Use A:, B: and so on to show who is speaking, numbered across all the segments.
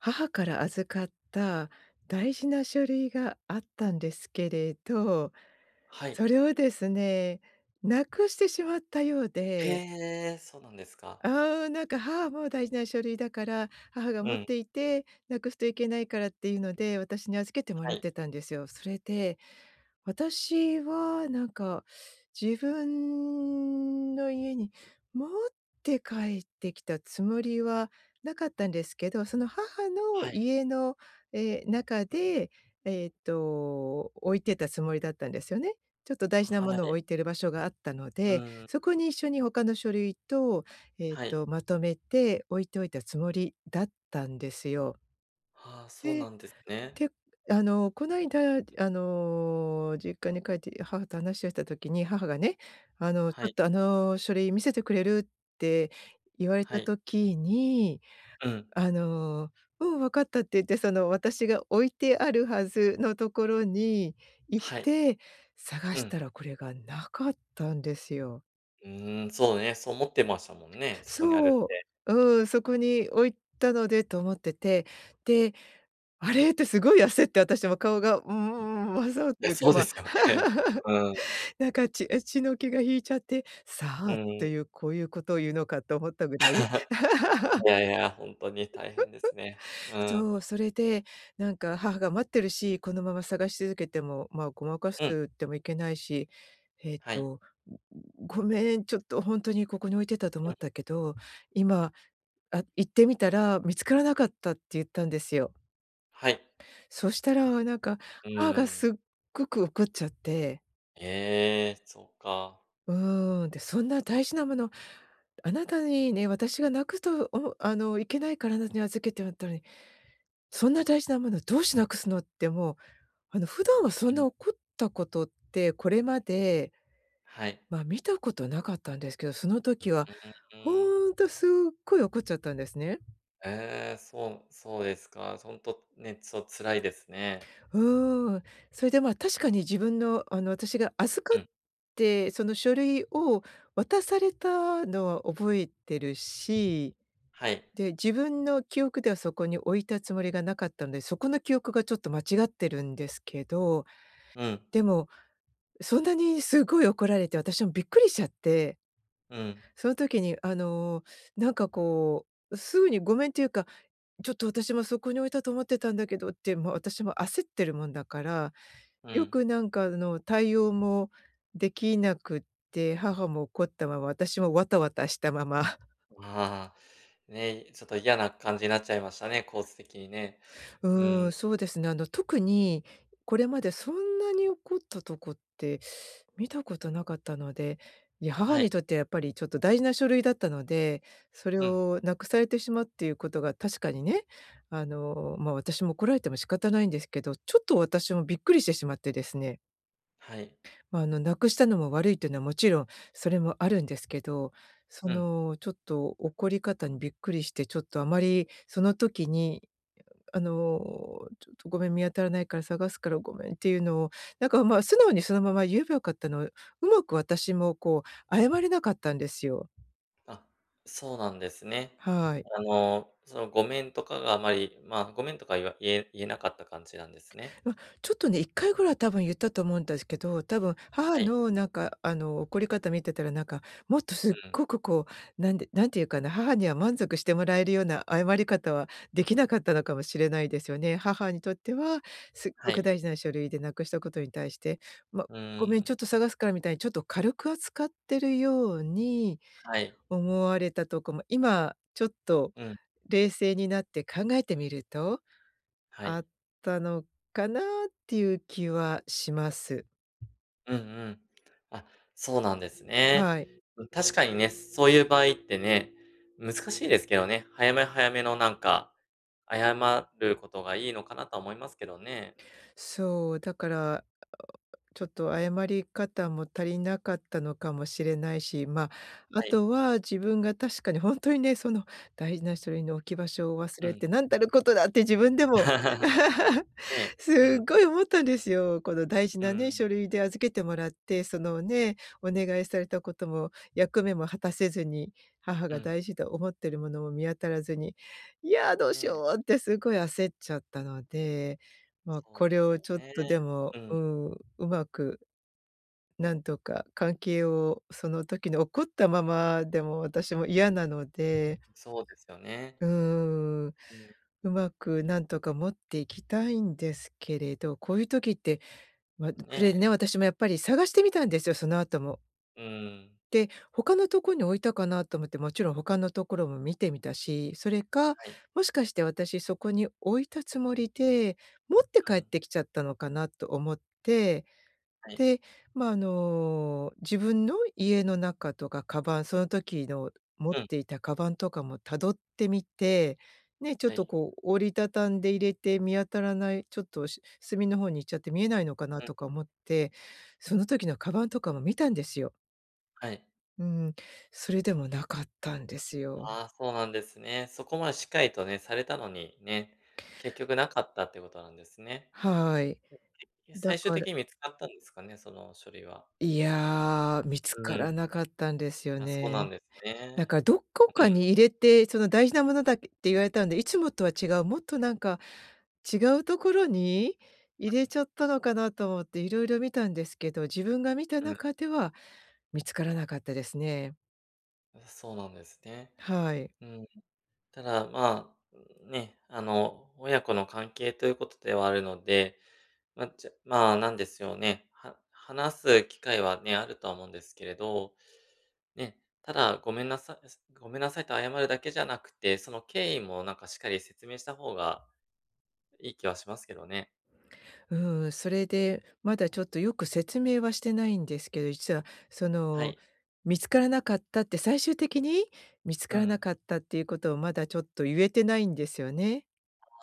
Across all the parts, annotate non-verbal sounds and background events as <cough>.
A: 母から預かった大事な書類があったんですけれど、
B: はい。
A: それをですね、無くしてしまったよう
B: へ
A: で。
B: え、そうなんですか。
A: ああ、なんか母も大事な書類だから、母が
B: う
A: 持っ
B: ん。
A: ていて、無くすといけないからっていうので、私に預けても
B: は
A: らっ
B: い。
A: てたんですよ。それで、私はなんか自分の家に持って帰ってきたつもりはなかったんですけど、その母の
B: はい。
A: 家のええ、中
B: うん。
A: で、えっと、置いてたつもりだったんですよね。ちょっと大事なも
B: は
A: のを
B: い。
A: 置いてる場所があったの
B: う
A: で、
B: ん。
A: そこに一緒に他の書類と、えっ
B: はい。
A: と、まとめて置いといたつもりだったんですよ。
B: はあ、そうな
A: で、
B: んですね。
A: てあの、こないだあの、実家に帰って母と話をした時に、母がね、あの、ち
B: は
A: ょ
B: い。
A: っとあの書類見せてくれるって言われ
B: は
A: た
B: い。
A: 時に、
B: うん。
A: あの、うん、分かったって言って、その、私が置いてあるはずのところに行っ
B: はい。
A: て、探
B: う
A: し
B: ん。
A: たら、これが無かったんですよ。
B: うーん、そうね、そう思ってましたもんね、そこにあるっ
A: そう。
B: て。
A: うん、そこに置いたのでと思ってて、で、「あれ？」って凄い焦って、私も顔が、うー
B: うん。い
A: ん、わ、そうって
B: や、
A: いうか、
B: そう
A: ま
B: で
A: あ。
B: すよね。
A: <laughs>
B: うーん。
A: なんか血あ、血の気が引いちゃって、「さ
B: う
A: あ」っ
B: ん。
A: ていう、こういうことを言うのかと思ったぐらい。
B: <chuckles> <unintelligible>
A: <laughs>
B: いやいや、ほんとに大変ですね。
A: <chuckles>
B: うん。
A: そう、それで、なんか母が待ってるし、このまま探し続けても、まあ誤魔化す
B: うん。
A: ってもいけないし、えっ
B: はい。
A: と、「ごめん、ちょっとほんとにここに置いてたと思
B: う
A: っ
B: ん。
A: たけど、今、あ、行ってみたら見つからなかった」って言ったんですよ。
B: はい。
A: そしたらなんか、
B: う
A: 母が
B: ーん。
A: すっごく怒っちゃって。
B: え、そっか。
A: うん、で、「そんな大事なもの、あなたにね、私がなくと、おあの、いけないから、だに預けてもらったのに。そんな大事なものどうして無くすの」ってもう、あの普段はそ
B: う
A: ん
B: ん。
A: な怒ったことって、これまで
B: はい。
A: まあ、見たこと無かったんですけど、その時
B: う
A: は
B: ーん。
A: ほんとすっごい怒っちゃったんですね。
B: ええ、そうそうですか、そ、ほんとね、そう、辛いですね。
A: うーん、それでまあ確かに自分のあの、私が預か
B: う
A: っ
B: ん。
A: てその書類を渡されたのは覚えてるし。
B: はい。
A: で、自分の記憶ではそこに置いたつもりが無かったんで、そこの記憶がちょっと間違ってるんですけど。
B: うん。
A: でも、そんなに凄い怒られて、私もびっくりしちゃって。
B: うん。
A: その時にあのなんかこう、うすぐにごめんっていうか、「ちょっと私もそこに置いたと思ってたんだけど」って、もう私も焦ってるもんだから、
B: う
A: よ
B: ん。
A: くなんかあの、対応もできなくって、母も怒ったまま、私もワタワタしたまま。
B: うああ、ね、ちょっと嫌な感じになっちゃいましたね、構図的にね。う
A: うーん、
B: ん。
A: そうですね、あの特にこれまでそんなに怒ったとこって見たことなかったので、いや、母
B: はい。
A: にとってはやっぱりちょっと大事な書類だったので、それ
B: うん。
A: を無くされてしまうっていうことが確かにね、あのまあ私も怒られても仕方ないんですけど、ちょっと私もびっくりしてしまってですね。
B: はい。
A: まあ、あの、無くしたのも悪いっていうのはもちろんそれもあるんですけど、そ
B: うん。
A: の、ちょっと怒り方にびっくりして、ちょっとあまりその時に、あの、ちょっとごめん、見当たらないから探すからごめんっていうのを、なんかまあ、素直にそのまま言えばよかったのを、上手く私もこう謝れなかったんですよ。
B: あ、そうなんですね。
A: はい。
B: あの、その、ごめんとかがあまり、まあ、ごめんとか言わ言え言えなかった感じなんですね。
A: ま、ちょっとね、1回ぐらいは多分言ったと思うんですけど、多分
B: は
A: 母
B: い。
A: のなんかあの、怒り方見てたら、なんか、もっと
B: う
A: すっ
B: ん。
A: ごくこう、なんでなんて言うかな、母には満足してもらえるような謝り方は、できなかったのかもしれないですよね。母にとっては、すっ
B: は
A: ごく
B: い。
A: 大事な書類で無くしたことに対して、ま、
B: うー
A: 「ごめん、ちょっ
B: ん。
A: と探すから」みたいにちょっと軽く扱ってるように
B: はい。
A: 思われたとこも、今ちょっと
B: うん。
A: 冷静になって考えてみると
B: は
A: あ
B: い。
A: ったのかなっていう気はします。うん。
B: うんうん。あ、そうなんですね。
A: はい。
B: うん、確かにね、そういう場合ってね、難しいですけどね、早め早めのなんか、謝ることがいいのかなとは思いますけどね。
A: そう、だから、あ、おあ、ちょっと謝り方も足りなかったのかもしれないし、ま、あ
B: はい。
A: とは自分が確かに本当にね、その大事な書類の置き場所を忘
B: う
A: れ
B: ん。
A: て、「何たることだ」って自分でも、
B: <laughs>
A: <chuckles>
B: ねえ、うん。
A: 凄い思ったんですよ。この大事
B: うー
A: なね、
B: ん。
A: 書類で、預けてもらって、その、ね、お願いされたことも役目も果たせずに、母
B: う
A: が
B: ん。
A: 大事と思ってるものも見当たらずに、「いや、どう
B: ね
A: し
B: え。
A: よう」って凄い焦っちゃったので、まあ、
B: そう
A: こ
B: で
A: れ
B: す
A: を
B: よ
A: ちょっ
B: ね。
A: とでも、
B: うん。
A: うん、上手くなんとか関係を、その時の怒ったままでも、私も嫌なので
B: そうですよね。
A: うーん、
B: あ、うん。
A: 上手くなんとか持っていきたいんですけれど、こういう時って、まあ、
B: ね
A: これ
B: え。
A: ね、私もやっぱり探してみたんですよ、その後も
B: うん。
A: で、他のとこに置いたかなと思って、もちろん他のところも見てみたし、それか、
B: はい。
A: もしかして私そこに置いたつもりで、持って
B: う
A: 帰っ
B: ん。
A: てきちゃったのかなと思って、
B: はい。
A: で、ま、あの、自分の家の中とか鞄、その時の、持っ
B: うん。
A: ていた鞄とかも辿ってみて、ね、ちょっ
B: は
A: と
B: い。
A: こう、折り畳んで入れて見当たらない、ちょっと、隅の方に行っちゃって見えないのかな
B: うん。
A: とか思って、その時の鞄とかも見たんですよ。
B: はい。
A: うん、それでもなかったんですよ。
B: ああ、そうなんですね。そこまでしっかりとね、されたのに、ね、結局なかったっていうことなんですね。
A: はい、
B: <unintelligible>
A: だ
B: 最終
A: か
B: 的
A: ら
B: に見つかったんですかね？その書類は。
A: いや、見つ
B: う
A: から
B: ん。
A: なかったんですよ
B: あ、そうな
A: ね。
B: んです
A: なん
B: ね、
A: かどこ
B: う
A: か
B: ん。
A: に入れて、その、大事なものだって言われたんで、いつもとは違う、もっとなんか違う所に、入れちゃったのかなと思って色々見たんですけど、自分が見た
B: うん。
A: 中では見つからなかったですね。
B: そうなんですね。
A: はい。
B: うん。ただ、まあ、ね、あの親子の関係ということではあるので、まあ、ちゃまあ何ですよね、は話す機会はね、あるとは思うんですけれど。ね、ただ、ごめんなさごめんなさいって謝るだけじゃなくて、その経緯も何かしっかり説明した方が、いい気はしますけどね。
A: うーん、それで、まだちょっとよく説明はしてないんですけど、実はそ
B: は
A: の、
B: い。
A: 見つからなかったって最終的に見つ
B: う
A: からな
B: ん。
A: かったっていうことをまだちょっとゆえてないんですよね。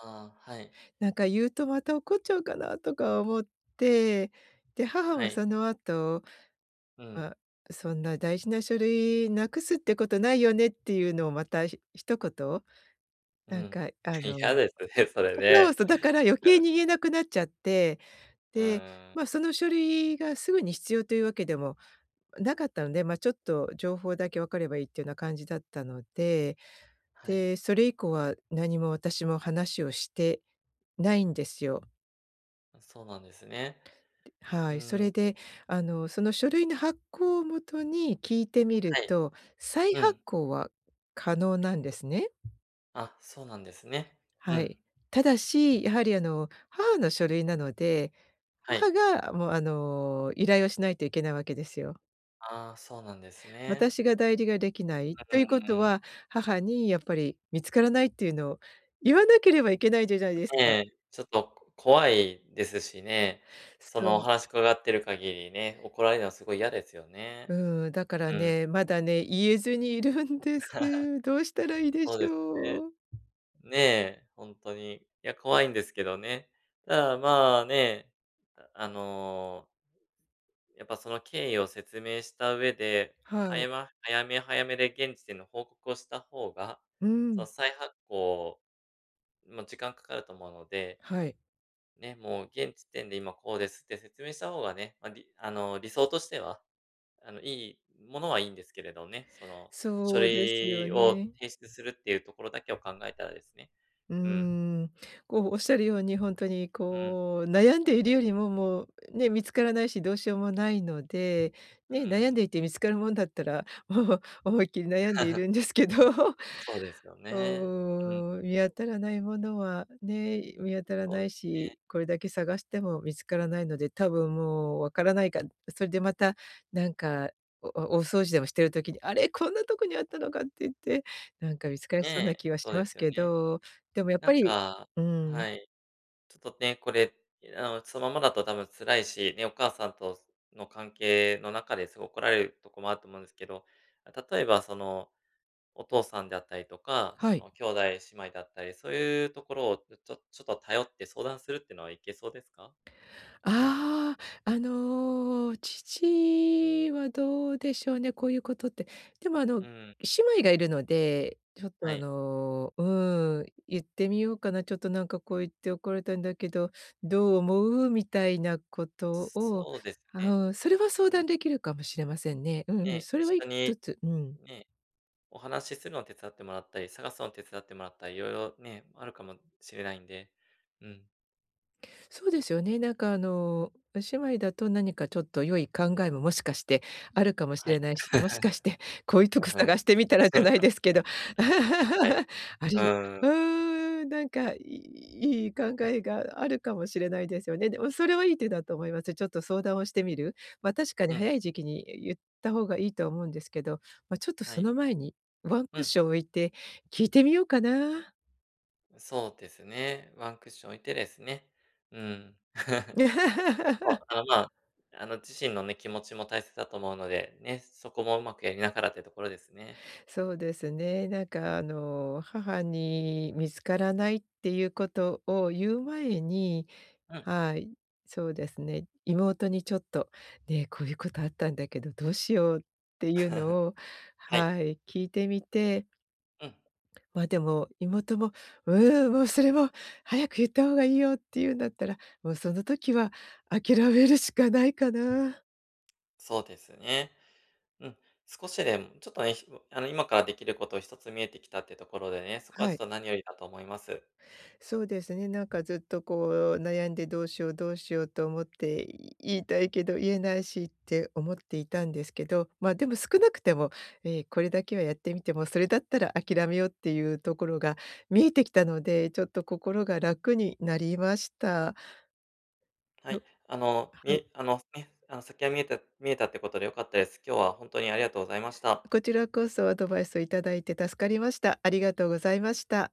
B: ああ、はい。
A: なんか言うとまた怒っちゃうかなとか思って、で、母
B: は
A: は
B: い。
A: その後、
B: う
A: ま
B: ん。
A: あ、そんな大事な書類無くすってことないよねっていうのをまたひ一言。
B: う
A: なん
B: ん、
A: かあの。
B: 嫌ですね、それ
A: そう
B: ね。
A: そう、だから余計
B: うん。
A: に言えなくなっちゃって、
B: う
A: で、
B: ーん。
A: まあ、その書類がすぐに必要というわけでもなかったので、まあちょっと情報だけわかればいいっていうような感じだったので。
B: はい。
A: で、それ以降は何も私も話をしてないんですよ。
B: うん、そうなんですね。う
A: はい。そ
B: ーん。
A: れで、あの、その書類の発行を元に聞いてみる
B: はい。
A: と、再
B: う
A: 発
B: ん。
A: 行は可能なんですね。
B: あ、そうなんですね、う
A: は
B: ん
A: い。ただし、やはり、あの、母の書類なので、
B: はい。
A: 母がもう、あの、依頼をしないといけないわけですよ。
B: ああ、そうなんですね。
A: 私が代理が出来ないと
B: う
A: 言う事
B: ーん。
A: は、母にやっぱり見つからないって言うのを言わなければいけないじゃじゃいです
B: ん、え
A: か。
B: え、ちょっとこ怖いですしね。そ
A: そ
B: の、お
A: う。
B: 話伺っている限りね、怒られるのは凄い嫌ですよ
A: う
B: ね。
A: ーん、だから
B: うん。
A: ね、まだね、言えずにいるんです。どうしたら
B: <laughs>
A: いいでし
B: そうです
A: ょう。
B: ね。ねえ、ほんとに、いや、怖いんですけどね。ただ、まあ、ね、ああの、やっぱ、その経緯を説明した上で、
A: は
B: は
A: い。
B: やま早め、早めで現時点の報告をした方が、
A: うー
B: その
A: ん。
B: 再発行、まあ、時間掛かると思うので、
A: はい。
B: ね、もう現時点で今こうですって説明した方がね、ま、りあの、理想としては、あの、良いものは良んですけれどね、その、書
A: そうですよ
B: 類を
A: ね。
B: 提出するって言うところだけを考えたらですね、
A: うー
B: うん。
A: ん、こう、おっしゃるように、ほんとに、
B: うん。
A: こう、悩んでいるよりも、もう、ね、見つからないし、どうしようもないので、
B: うー
A: ね、悩んで
B: ん。
A: いて見つかるもんだったら、もう思いっきり悩んでい
B: <laughs>
A: るんですけど。<chuckles>
B: そうですよ
A: う
B: ね、うん。
A: ーん、見当たらないものはね、見当たら
B: そう
A: な
B: で
A: い
B: すね。
A: し、これだけ探しても見つからないので、多分もう分からないか、ん、それでまた、なんか、おお大掃除でもしてる時に、あれ、こんなとこにあったのかって言って、なんか、見つかり
B: ね
A: そうな
B: え、
A: 気はし
B: そう
A: ま
B: で
A: す
B: すよ
A: け
B: ね。
A: ど、でもやっ
B: な
A: ぱ
B: ん
A: り
B: か
A: うーん。
B: はい。ちょっとね、これ、いあの、そのままだと多分辛いし、ね、お母さんとの関係の中ですごく怒られるとこもあると思うんですけど、あ、例えば、その、お父さんであったりとか、
A: は
B: そ
A: い。
B: の、兄弟姉妹だったり、そういうところを、ちょちょちょっと頼って相談するっていうのはいけそうですか？
A: ああ、あの、父はどうでしょうね、こう言ういう事って。でも、あの、
B: うーん。
A: 姉妹がいるので、ちょっと、
B: は
A: あ
B: い。
A: の、うーん、言ってみようかな、ちょっと、なんか、こう、言って怒られたんだけど、どう思うみたいなことを、
B: そうですね、
A: ああ、それは相
B: う
A: 談
B: ん。
A: 出来るかもしれませんね。うんうん、
B: ね、
A: それ
B: 一
A: はい
B: 緒
A: と
B: に、
A: つ、うん。
B: ね、お話するのを手伝ってもらったり、探すの手伝ってもらったり、色々ね、あるかもしれないんで、うん。
A: そうですよね、なんかあのお姉妹だと何かちょっと良い考えも、もしかしてあるかもし
B: はい。
A: れないし、もしかしてこ
B: <chuckles>
A: ういうとこ探してみたらじゃないですけど、
B: はい。
A: <laughs> あ
B: う
A: りう
B: ん。
A: ん、なんか、いい考えがあるかもしれないですよね。でもそれはいい手だと思いますよ。ちょっと相談をしてみる。まあ、確かに
B: うん。
A: 早い時期に言った方がいいと思うんですけど、まあちょっと
B: は
A: そ
B: い。
A: の前に、ワン
B: う
A: クッ
B: ん。
A: ション置いて聞いてみようかな。
B: そうですね、ワンクッション置いてですね、うん。<laughs> まあ、
A: <laughs>
B: あ、まあ、あの、自身のね、気持ちも大切だと思うので、ね、そこも上手くやりながらってところですね。
A: そうですね、なんかあの母に見つからないっていうことを言う前に
B: うん。
A: はい、そうですね、妹にちょっとね、こういうことあったんだけどどうしよう、っていうのを
B: <chuckles> はい。
A: はい、聞いてみて
B: うん。
A: まあ、でも妹も「うん、もうそれもう早く言った方がいいよ」って言うんだったら、もうその時は諦めるしかないかな。
B: そうですね。うん、少しでもちょっとね、ひぼあの今からできること一つ見えてきたってところでね、そこは
A: は
B: ちょっ
A: い。
B: と何よりだと思います。
A: そうですね、なんかずっとこう悩んで「どうしよう、どうしよう」と思って言いたいけど言えないしって思っていたんですけど、まあ、でも少なくても、ええ、これだけはやってみても、それだったら諦めようっていうところが見えてきたので、ちょっと心が楽になりました。
B: は
A: よ
B: い、あのみ
A: はい。
B: えあのね、あの先が見えた見えたってことでよかったです。今日は本当にありがとうございました。
A: こちらこそ、アドバイスを頂いて助かりました。ありがとうございました。